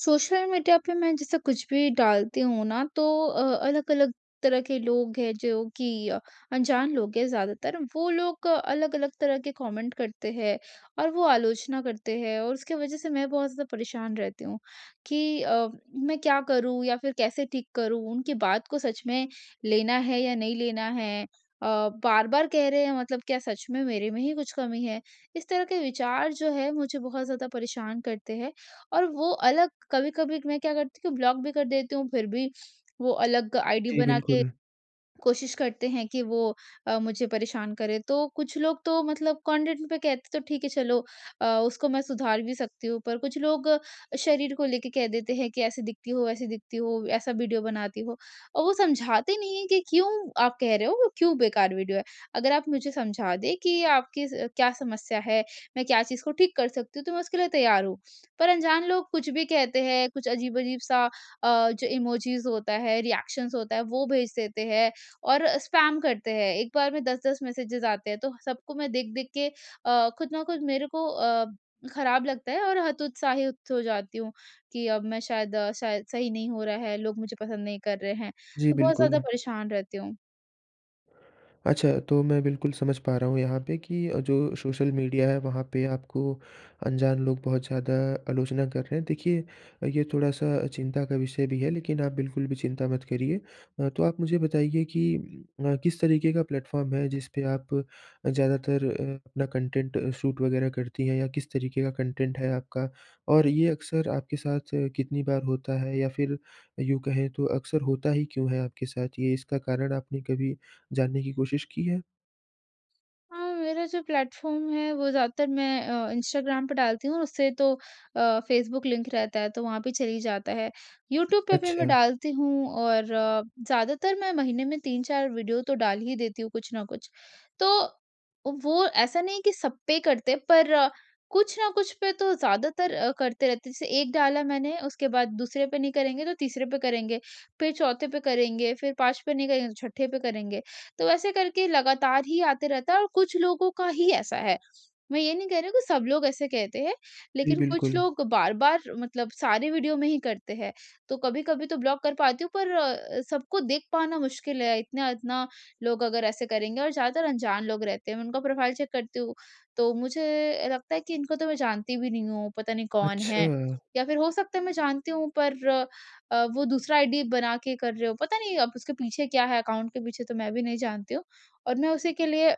Social media पे मैं जैसे कुछ भी डालती हूँ ना। तो अ, अलग-अलग तरह के लोग हैं जो कि अनजान लोग हैं ज़्यादातर। वो लोग अलग-अलग तरह के कमेंट करते हैं और वो आलोचना करते हैं। और उसकी वजह से मैं बहुत ज़्यादा परेशान रहती हूँ। कि अ, मैं क्या करूँ? या फिर कैसे ठीक करूँ? उनकी बात को सच में लेना है या नहीं लेना है? अ, बार-बार कह रहे हैं मतलब क्या सच में मेरे में ही कुछ कमी है? इस तरह के विचार जो है मुझे बहुत ज़्यादा परेशान करते हैं। और वो अलग कभी-कभी मैं क्या करती हूँ ब्लॉक भी कर देती हूँ फिर भी वो अलग आईडी जी, बना के बिल्कुल। कोशिश करते हैं कि वो अ, मुझे परेशान करें। तो कुछ लोग तो मतलब कंटेंट पे कहते हैं तो ठीक है चलो उसको मैं सुधार भी सकती हूँ। पर कुछ लोग शरीर को लेके कह देते हैं कि ऐसी दिखती हो, वैसे दिखती हो, ऐसा वीडियो बनाती हो। और वो समझाते नहीं है कि क्यों आप कह रहे हो वो क्यों बेकार वीडियो है। अगर आप मुझे समझा दें कि आपकी क्या समस्या है, मैं क्या चीज़ को ठीक कर सकती हूँ तो मैं उसके लिए तैयार हूँ। पर अनजान लोग कुछ भी कहते हैं कुछ अजीब-अजीब-सा अ, जो इमोजीस होता है रिएक्शन्स होता है वो भेज देते हैं। और स्पैम करते हैं एक बार में 10-10 मैसेजेस आते हैं। तो सबको मैं देख-देख के अ, खुद ना खुद मेरे को अ, खराब लगता है और हत उत्साहित हो जाती हूँ। कि अब मैं शायद शायद सही नहीं हो रहा है, लोग मुझे पसंद नहीं कर रहे हैं। जी, तो बहुत ज़्यादा बिल्कुल। परेशान रहती हूँ। अच्छा, तो मैं बिल्कुल समझ पा रहा हूँ यहाँ पे कि अ, जो सोशल मीडिया है वहाँ पे आपको अनजान लोग बहुत ज़्यादा आलोचना कर रहे हैं। देखिए, ये थोड़ा सा चिंता का विषय भी है लेकिन आप बिल्कुल भी चिंता मत करिए। अ, तो आप मुझे बताइए कि अ, किस तरीके का प्लेटफॉर्म है जिस पे आप ज़्यादातर अ, अपना कंटेंट शूट वगैरह करती हैं या किस तरीके का कंटेंट है आपका और ये अक्सर आपके साथ कितनी बार होता है या फ़िर यूँ कहें तो अक्सर होता ही क्यों है आपके साथ? ये इसका कारण आपने कभी जानने की कोशिश की है? हाँ, मेरा जो प्लेटफॉर्म है वो ज़्यादातर मैं अ, इंस्टाग्राम पे डालती हूँ उससे तो अ, फेसबुक लिंक रहता है। तो वहाँ पे चल ही जाता है, यूट्यूब पे भी मैं अच्छा। डालती हूँ और ज़्यादातर मैं महीने में 3-4 वीडियो तो डाल ही देती हूँ कुछ न कुछ। तो वो ऐसा नहीं है कि सब पे ही करते, पर कुछ न कुछ पे तो ज़्यादातर अ, करते रहते हैं जैसे 1 डाला मैंने उसके बाद दूसरे पे नहीं करेंगे, तो तीसरे पे करेंगे फ़िर चौथे पे करेंगे, फ़िर 5 पे नहीं करेंगे तो छठे पे करेंगे। तो ऐसे करके लगातार ही आते रहता हैं और कुछ लोगों का ही ऐसा है, मैं ये नहीं कह रही हूँ कि सब लोग ऐसे कहते हैं जी, लेकिन कुछ बिल्कुल। लोग बार-बार मतलब सारे वीडियो में ही करते हैं। तो कभी-कभी तो ब्लॉक कर पाती हूँ पर अ, सबको देख पाना मुश्किल है, इतना-इतना लोग अगर ऐसे करेंगे और ज़्यादातर अनजान लोग रहते हैं। मैं उनका प्रोफाइल चेक करती हूँ तो मुझे लगता है कि इनको तो मैं जानती भी नहीं हूँ पता नहीं कौन है? अच्छा। या फ़िर हो सकता है मैं जानती हूँ पर अ, वो दूसरा आई डी बना के कर रहे हों, पता नहीं अब उसके पीछे क्या है, अकाउंट के पीछे तो मैं भी नहीं जानती हूँ और मैं उसी के लिए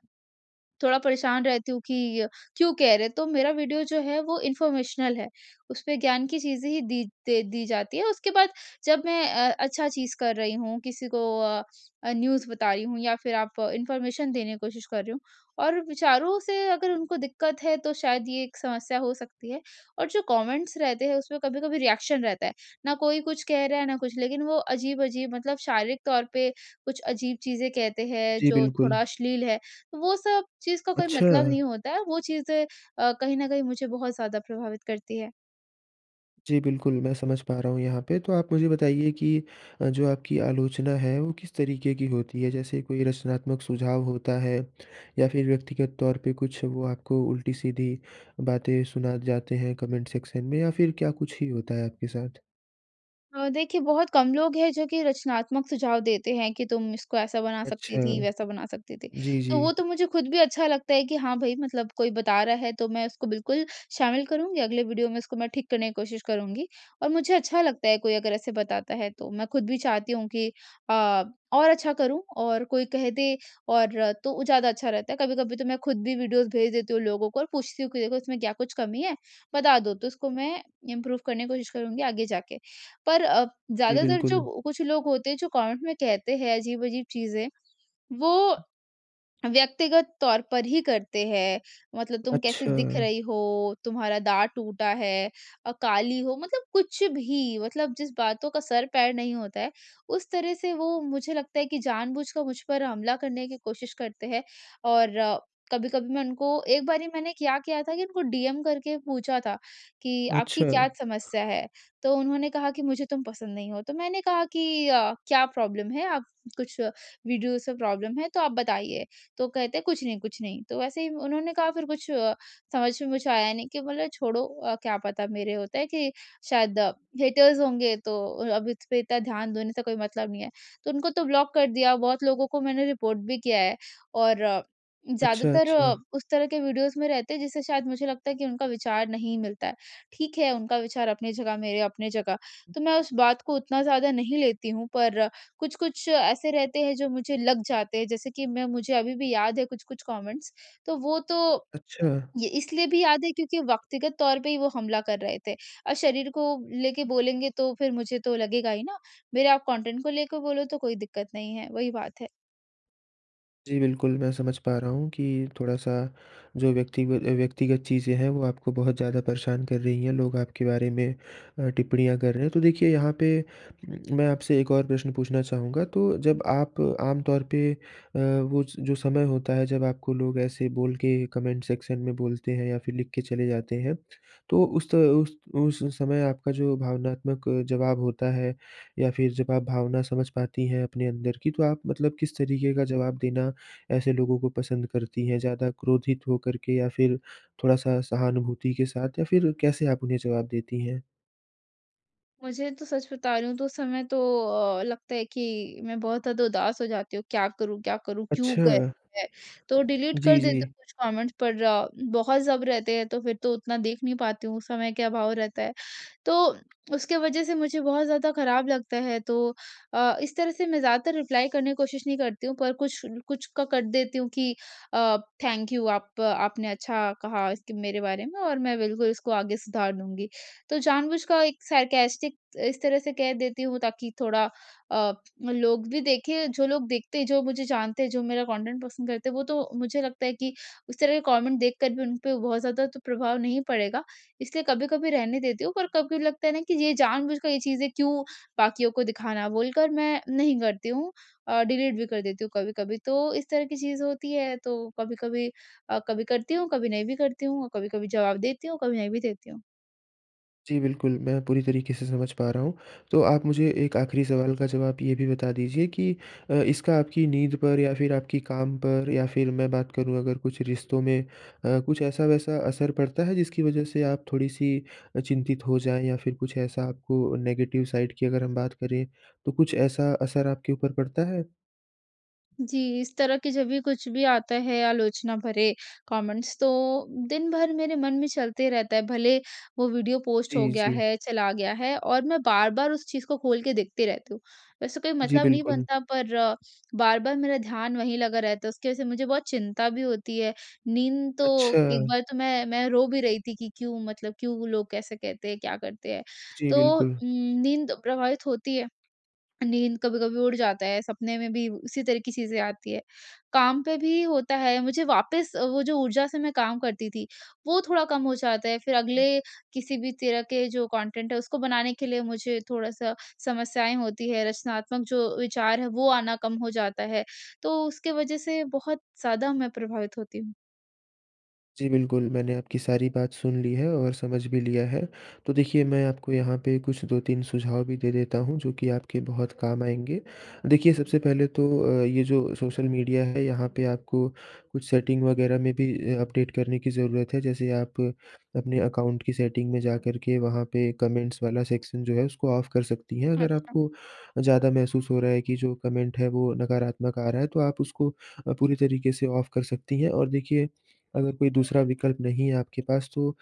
थोड़ा परेशान रहती हूँ कि अ, क्यों कह रहे हैं? तो मेरा वीडियो जो है वो इन्फॉर्मेशनल है, उसमें ज्ञान की चीज़ें ही दी दे दी जाती हैं। उसके बाद जब मैं अ, अच्छा चीज़ कर रही हूँ, किसी को अ अ, न्यूज़ बता रही हूँ या फ़िर आप इन्फॉर्मेशन देने की कोशिश कर रही हूँ। और विचारों से अगर उनको दिक्कत है तो शायद ये एक समस्या हो सकती है और जो कमेंट्स रहते हैं उसमें कभी-कभी रिएक्शन रहता है ना कोई कुछ कह रहा है ना कुछ। लेकिन वो अजीब-अजीब मतलब शारीरिक तौर पे कुछ अजीब चीज़ें कहते हैं, जी, जो बिल्कुल। थोड़ा अश्लील हैं वो सब चीज़ का कोई मतलब अच्छा। नहीं होता है वो चीज़ें अ, कहीं न कहीं मुझे बहुत ज़्यादा प्रभावित करती हैं। जी बिल्कुल, मैं समझ पा रहा हूँ यहाँ पे तो आप मुझे बताइए कि अ, जो आपकी आलोचना है वो किस तरीके की होती है? जैसे कोई रचनात्मक सुझाव होता है या फिर व्यक्तिगत तौर पर कुछ वो आपको उल्टी-सीधी बातें सुना जाते हैं कमेंट सेक्शन में या फिर क्या कुछ ही होता है आपके साथ? अ, देखिए बहुत कम लोग हैं जो कि रचनात्मक सुझाव देते हैं कि तुम इसको ऐसा बना अच्छा। सकती थी, वैसा बना सकती थी। जी, तो जी। वो तो मुझे ख़ुद भी अच्छा लगता है कि हाँ भाई मतलब कोई बता रहा है तो मैं उसको बिल्कुल शामिल करूँगी अगले वीडियो में उसको मैं ठीक करने की कोशिश करुँगी। और मुझे अच्छा लगता है कोई अगर ऐसे बताता है तो मैं ख़ुद भी चाहती हूँ कि अ और अच्छा करूँ और कोई कह दे और तो वो ज़्यादा अच्छा रहता है। कभी-कभी तो मैं ख़ुद भी वीडियोज़ भेज देती हूँ लोगों को और पूछती हूँ कि देखो इसमें क्या कुछ कमी है बता दो तो उसको मैं इम्प्रूव करने की कोशिश करूँगी आगे जाके। पर अ, जी, ज़्यादातर बिल्कुल। जो कुछ लोग होते हैं जो कमेंट में कहते हैं अजीब-अजीब चीज़ें वो व्यक्तिगत तौर पर ही करते हैं मतलब तुम कैसे अच्छा। दिख रही? हो तुम्हारा दाँत टूटा है अ, काली हो मतलब कुछ भी, मतलब जिस बातों का सर-पैर नहीं होता है उस तरह से वो मुझे लगता है कि जानबूझकर मुझ पर हमला करने की कोशिश करते हैं। और कभी-कभी मैं उनको एक बारी मैंने क्या किया था कि उनको डीएम करके पूछा था कि आपकी क्या अच्छा। समस्या है? तो उन्होंने कहा कि मुझे तुम पसंद नहीं हो तो मैंने कहा कि अ, क्या प्रॉब्लम है? आप कुछ वीडियोज़ से प्रॉब्लम है तो आप बताइए। तो कहते हैं कुछ नहीं, कुछ नहीं तो वैसे ही उन्होंने कहा फिर कुछ समझ में मुझे आया नहीं कि बोला छोड़ो क्या पता मेरे होता है कि शायद हेटर्स होंगे तो अब इस पे इतना ध्यान देने से कोई मतलब नहीं है। तो उनको तो ब्लॉक कर दिया बहुत लोगों को मैंने रिपोर्ट भी किया है और अच्छा, ज़्यादातर अच्छा। उस तरह के वीडियोज़ में रहते हैं जिससे शायद मुझे लगता है कि उनका विचार नहीं मिलता है, ठीक है उनका विचार अपनी जगह, मेरे अपने जगह तो मैं उस बात को उतना ज़्यादा नहीं लेती हूँ। पर कुछ-कुछ ऐसे रहते हैं जो मुझे लग जाते हैं जैसे कि मैं मुझे अभी भी याद है कुछ-कुछ कमेंट्स तो वो तो अच्छा। ये इसलिए भी याद है क्योंकि व्यक्तिगत तौर पे ही वो हमला कर रहे थे और शरीर को लेके बोलेंगे तो फिर मुझे तो लगेगा ही न मेरे आप कंटेंट को लेके बोलो तो कोई दिक्कत नहीं है, वही बात है। जी, बिल्कुल। मैं समझ पा रहा हूँ कि थोड़ा-सा जो व्यक्तिग अ, व्यक्तिगत चीज़ें हैं वो आपको बहुत ज़्यादा परेशान कर रही हैं। लोग आपके बारे में अ, टिप्पणियाँ कर रहे हैं। तो देखिए यहाँ पे मैं आपसे एक और प्रश्न पूछना चाहूँगा। तो जब आप आम तौर पे अ, वो स जो समय होता है जब आपको लोग ऐसे बोल के कमेंट सेक्शन में बोलते हैं या फिर लिख के चले जाते हैं। तो उस तो उस उस समय आपका जो भावनात्मक जवाब होता है या फिर जब आप भावना समझ पाती हैं अपने अंदर की। तो आप मतलब किस तरीक़े का जवाब देना ऐसे लोगों को पसंद करती हैं? ज़्यादा क्रोधित होकर के या फिर थोड़ा-सा सहानुभूति के साथ या फिर कैसे आप उन्हें जवाब देती हैं? मुझे तो सच बता रही हूँ तो उस समय तो अ, लगता है कि मैं बहुत ज़्यादा उदास हो जाती हूँ, क्या करूँ क्या करूँ? क्यों अच्छा। कहते हैं? तो डिलीट कर जी, देती जी। हूँ कुछ कमेंट्स पर ज बहुत जब रहते हैं तो फिर तो उतना देख नहीं पाती हूँ। उस समय क्या भाव रहता है। तो उसके वजह से मुझे बहुत ज़्यादा खराब लगता है। तो अ, इस तरह से मैं ज़्यादातर रिप्लाई करने की कोशिश नहीं करती हूँ। पर कुछ ल कुछ का कर देती हूँ कि अ, थैंक यू आप आपने अच्छा कहा इसके मेरे बारे में और मैं बिल्कुल इसको आगे सुधार दूँगी। तो जानबूझ का एक सार्कास्टिक इस तरह से कह देती हूँ ताकि थोड़ा अ, लोग भी देखें। जो लोग देखते हैं, जो मुझे जानते है, जो मेरा कंटेंट पसंद करते हैं वो तो मुझे लगता है कि उस तरह के कमेंट देख कर भी उन पे बहुत ज़्यादा तो प्रभाव नहीं पड़ेगा। इसलिए कभी-कभी रहने देती हूँ। पर कभी लगता है ना कि ये जानबूझकर ये चीज़ें क्यों बाकियों को दिखाना बोलकर मैं नहीं करती हूँ। और डिलीट भी कर देती हूँ कभी-कभी। तो इस तरह की चीज़ होती है। तो कभी-कभी अ, कभी करती हूँ, कभी नहीं भी करती हूँ। कभी-कभी जवाब देती हूँ, कभी नहीं भी देती हूँ। जी, बिल्कुल। मैं पूरी तरीके से समझ पा रहा हूँ। तो आप मुझे एक आख़िरी सवाल का जवाब ये भी बता दीजिए कि अ, इसका आपकी नींद पर या फिर आपकी काम पर या फिर मैं बात करूँ अगर कुछ रिश्तों में अ, कुछ ऐसा वैसा असर पड़ता है जिसकी वजह से आप थोड़ी-सी अ, चिंतित हो जाएँ? या फिर कुछ ऐसा आपको नेगेटिव साइड की अगर हम बात करें तो कुछ ऐसा असर आपके ऊपर पड़ता है? जी इस तरह की जब भी कुछ भी आता है आलोचना भरे कमेंट्स तो दिन भर मेरे मन में चलते रहता है भले वो वीडियो पोस्ट हो जी, गया जी। है, चला गया है, और मैं बार-बार उस चीज़ को खोल के देखती रहती हूँ। वैसे कोई जी, मतलब नहीं बिल्कुल। बनता पर बार-बार मेरा ध्यान वहीं लगा रहता है उसकी वजह से मुझे बहुत चिंता भी होती है। नींद तो एक अच्छा। बार तो मैं मैं रो भी रही थी कि क्यों मतलब क्यों लोग कैसे कहते हैं? क्या करते हैं? जी, तो बिल्कुल। उम, नींद तो प्रभावित होती है। नींद कभी-कभी उड़ जाता है सपने में भी उसी तरह की चीज़ें आती हैं। काम पे भी होता है, मुझे वापस वो जो ऊर्जा से मैं काम करती थी वो थोड़ा कम हो जाता है। फिर अगले किसी भी तरह के जो कॉन्टेंट है उसको बनाने के लिए मुझे थोड़ा सा समस्याएँ होती हैं, रचनात्मक जो विचार हैं वो आना कम हो जाता है। तो उसके वजह से बहुत ज़्यादा मैं प्रभावित होती हूँ। जी बिल्कुल मैंने आपकी सारी बात सुन ली है और समझ भी लिया है तो देखिए मैं आपको यहाँ पे कुछ 2-3 सुझाव भी दे देता हूँ जो कि आपके बहुत काम आएँगे। देखिए सबसे पहले तो अ, ये जो सोशल मीडिया है यहाँ पे आपको कुछ सेटिंग वग़ैरह में भी अ अपडेट करने की ज़रूरत है जैसे आप अपने अकाउंट की सेटिंग में जाकर के वहाँ पे कमेंट्स वाला सेक्शन जो है उसको ऑफ कर सकती हैं अगर अच्छा। आपको ज़्यादा महसूस हो रहा है कि जो कमेंट है वो नकारात्मक आ रहा है तो आप उसको अ, पूरी तरीके से ऑफ कर सकती हैं और देखिए, अगर कोई दूसरा विकल्प नहीं है आपके पास तो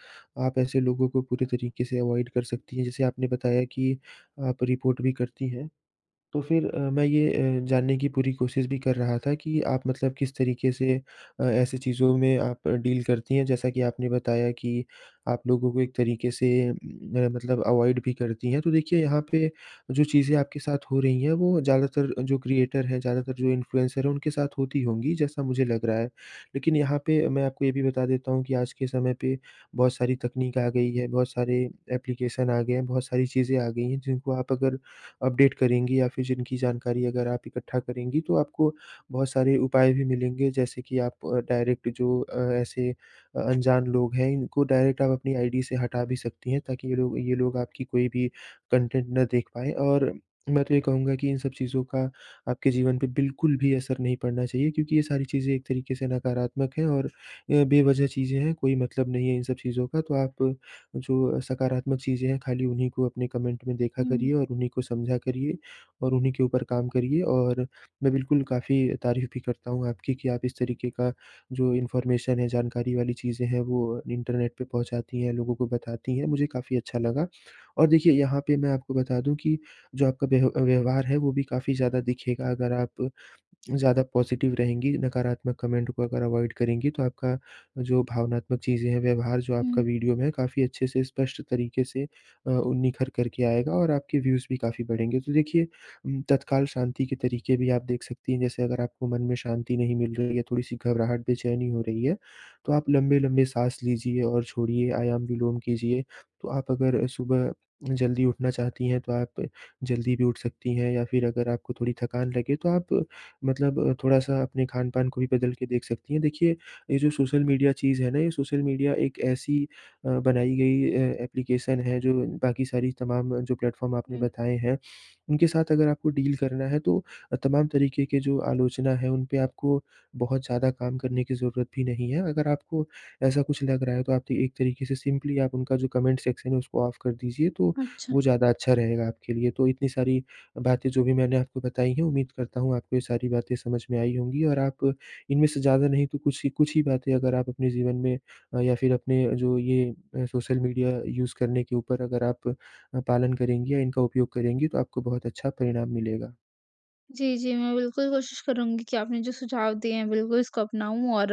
आप ऐसे लोगों को पूरे तरीके से अवॉइड कर सकती हैं जैसे आपने बताया कि आप रिपोर्ट भी करती हैं। तो फ़िर अ, मैं ये ए, जानने की पूरी कोशिश भी कर रहा था कि आप मतलब किस तरीके से अ, ऐसी चीज़ों में आप डील करती हैं जैसा कि आपने बताया कि आप लोगों को एक तरीके से मेरा मतलब अवॉइड भी करती हैं तो देखिए यहाँ पे जो चीज़ें आपके साथ हो रही हैं वो ज़्यादातर जो क्रिएटर हैं ज़्यादातर जो इन्फ्लुएंसर है उनके साथ होती होंगी, जैसा मुझे लग रहा है। लेकिन यहाँ पे मैं आपको ये भी बता देता हूँ कि आज के समय पे बहुत सारी तकनीक आ गई है बहुत सारे एप्लीकेशन आ गए हैं बहुत सारी चीज़ें आ गई हैं जिनको आप अगर अपडेट करेंगी या फ़िर जिनकी जानकारी अगर आप इकट्ठा करेंगी तो आपको बहुत सारे उपाय भी मिलेंगे जैसे कि आप डायरेक्ट जो अ, ऐसे अ अनजान लोग हैं इनको डायरेक्ट आप अपनी आई डी से हटा भी सकती हैं ताकि ये लोग ये लोग आपकी कोई भी कंटेंट ना देख पाएँ और मैं तो ये कहूँगा कि इन सब चीज़ों का आपके जीवन पे बिल्कुल भी असर नहीं पड़ना चाहिए क्योंकि ये सारी चीज़ें एक तरीके से नकारात्मक है और ये बेवजह चीज़ें हैं कोई मतलब नहीं है इन सब चीज़ों का तो आप जो सकारात्मक चीज़ें हैं खाली उन्हीं को अपने कमेंट में देखा हुँ। करिए और उन्हीं को समझा करिए और उन्हीं के ऊपर काम करिए और मैं बिल्कुल काफ़ी तारीफ़ भी करता हूँ आपकी कि आप इस तरीके का जो इन्फॉर्मेशन है जानकारी वाली चीज़ें हैं वो इंटरनेट पे पहुँचाती हैं लोगों को बताती हैं मुझे काफ़ी अच्छा लगा। और देखिए यहाँ पे मैं आपको बता दूँ कि जो आपका व्यह व्यवहार है वो भी काफ़ी ज़्यादा दिखेगा अगर आप ज़्यादा पॉजिटिव रहेंगी नकारात्मक कमेंट को अगर अवॉइड करेंगी तो आपका जो भावनात्मक चीज़ें हैं व्यवहार जो आपका हुँ। वीडियो में है काफ़ी अच्छे से स्पष्ट तरीके से अ, उ निखर करके आएगा और आपके व्यूज़ भी काफ़ी बढ़ेंगे। तो देखिए उम, तत्काल शांति के तरीके भी आप देख सकती हैं जैसे अगर आपको मन में शांति नहीं मिल रही है थोड़ी-सी घबराहट बेचैनी हो रही है, तो आप लंबे-लंबे साँस लीजिए और छोड़िए आयाम विलोम कीजिए तो आप अगर सुबह जल्दी उठना चाहती हैं तो आप जल्दी भी उठ सकती हैं या फ़िर अगर आपको थोड़ी थकान लगे तो आप मतलब थोड़ा-सा अपने खान-पान को भी बदल के देख सकती हैं। देखिए ये जो सोशल मीडिया चीज़ है ना ये सोशल मीडिया एक ऐसी अ, बनाई गई अ, एप्लीकेशन है जो बाकी सारी तमाम जो प्लेटफॉर्म आपने हुँ। बताए हैं। उनके साथ अगर आपको डील करना है तो अ, तमाम तरीके के जो आलोचना है उनपे आपको बहुत ज़्यादा काम करने की ज़रूरत भी नहीं है। अगर आपको ऐसा कुछ लग रहा है तो आप त एक तरीके से सिंपली आप उनका जो कमेंट सेक्शन है उसको ऑफ कर दीजिए तो अच्छा। वो ज़्यादा अच्छा रहेगा आपके लिए तो इतनी सारी बातें जो भी मैंने आपको बताई है उम्मीद करता हूँ आपको ये सारी बातें समझ में आई होंगी और आप इनमें से ज़्यादा नहीं तो कुछ ही कुछ ही बातें अगर आप अपने जीवन में या फ़िर अपने जो ये अ, सोशल मीडिया यूज़ करने के ऊपर अगर आप अ, पालन करेंगी या इनका उपयोग करेंगी तो आपको बहुत अच्छा परिणाम मिलेगा। जी, जी। मैं बिल्कुल कोशिश करूँगी कि आपने जो सुझाव दिए हैं बिल्कुल इसको अपनाऊँ और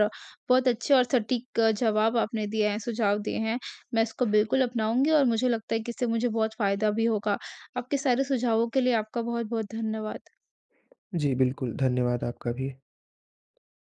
बहुत अच्छे और सटीक जवाब आपने दिए हैं सुझाव दिए हैं। मैं इसको बिल्कुल अपनाऊँगी और मुझे लगता है कि इससे मुझे बहुत फ़ायदा भी होगा। आपके सारे सुझावों के लिए आपका बहुत-बहुत धन्यवाद। जी, बिल्कुल धन्यवाद आपका भी।